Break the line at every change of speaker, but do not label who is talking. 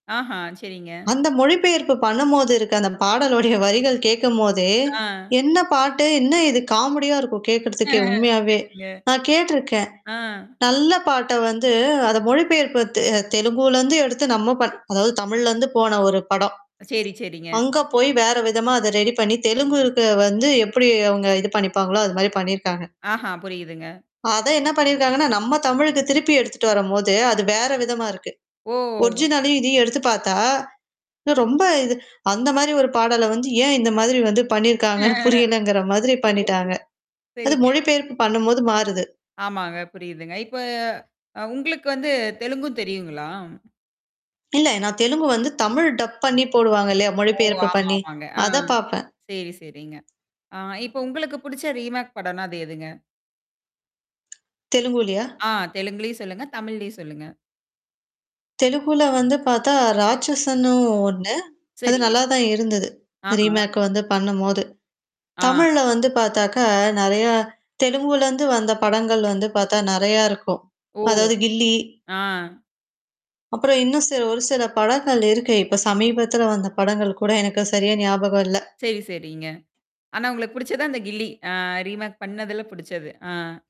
ஆஹா, சரிங்க.
அந்த மொழிபெயர்ப்பு பண்ணம்போது இருக்க அந்த பாடலுடைய வரிகள் கேக்கம்போதே,
ஆ.
"என்னா பாட்டு? என்னா இது" காமெடியா இருக்கும் கேக்கறதுக்கே உண்மையாவே.
சரிங்க.
நான் கேட்டுருக்கேன்.
ஆ.
நல்ல பாட்ட வந்து அத மொழிபெயர்ப்பு தெ தெலுங்குலருந்து எடுத்து நம்ம பண் அதாவது தமிழ்லருந்து போன ஒரு படம்.
செரி செரிங்க.
அங்க போயி வேற விதமா அத ரெடி பண்ணீ, தெலுங்குக்கு வந்து எப்படி அவுங்க இது பண்ணிப்பாங்களோ அது மாரி பண்ணீயிருக்காங்க.
ஆஹா. புரியுதுங்க.
அத என்னா பண்ணியிருக்காங்கன்னா, நம்ம தமிழுக்கு திருப்பி எடுத்துட்டு வரும்போது, அது வேற விதமா இருக்கு.
ஓ!
ஒரிஜினலையும் இதையும் எடுத்து பாத்தா, ரொம்ப இது அந்த மாரி ஒரு பாடல வந்து ஏன் இந்த மாதிரி வந்து பண்ணியிருக்காங்கன்னு புரியலங்கிற மாதிரி பண்ணீட்டாங்க.
[unintelligible]
அது
சரிங்க.
மொழிபெயர்ப்பு பண்ணும்போது மாறுது.
ஆமாங்க, புரியுதுங்க. இப்ப அ உங்களுக்கு வந்து தெலுங்கும் தெரியுங்களா?
இல்ல. நான் தெலுங்கு வந்து தமிழ் டப் பண்ணீ போடுவாங்க இல்லையா?
ஓ!
மொழிபயர்ப்பு
ஆமா
பண்ணீ!
ஆமாங்க. ஆ.
அத பாப்பன்.
செரி செரிங்க. ஆ இப்ப உங்களுக்கு புடிச்ச ரீமேக் படன்னா அது எதுங்க?
தெலுங்குலியா?
ஆ, தெலுங்குலையும் சொல்லுங்க. தமிழ்லையும் சொல்லுங்க.
தெலுகுல வந்து பாத்தா ராட்சன்னும் ஒண்ணு. அது
சரிங்க.
நல்லா தான் இருந்தது.
ஆஹா.
ரீமேக் வந்து பண்ணும்போது.
ஆ.
தமிழ்ல வந்து பாத்தாக்கா, நெறையா தெலுங்குலருந்து வந்த படங்கள் வந்து பாத்தா நெறையா இருக்கும்.
ஓ,
அதாவது கில்லி
ஆ.
அப்புறம் இன்னும் சில ஒரு சில படங்கள் இருக்கு. இப்ப சமீபத்துல வந்த படங்கள் கூட எனக்கு சரியா ஞாபகம் இல்ல.
சரி சரிங்க. ஆனா உங்களுக்கு புடிச்சது அந்த கில்லி. அ ரீமேக் பண்ணதுல புடிச்சது. ஆ.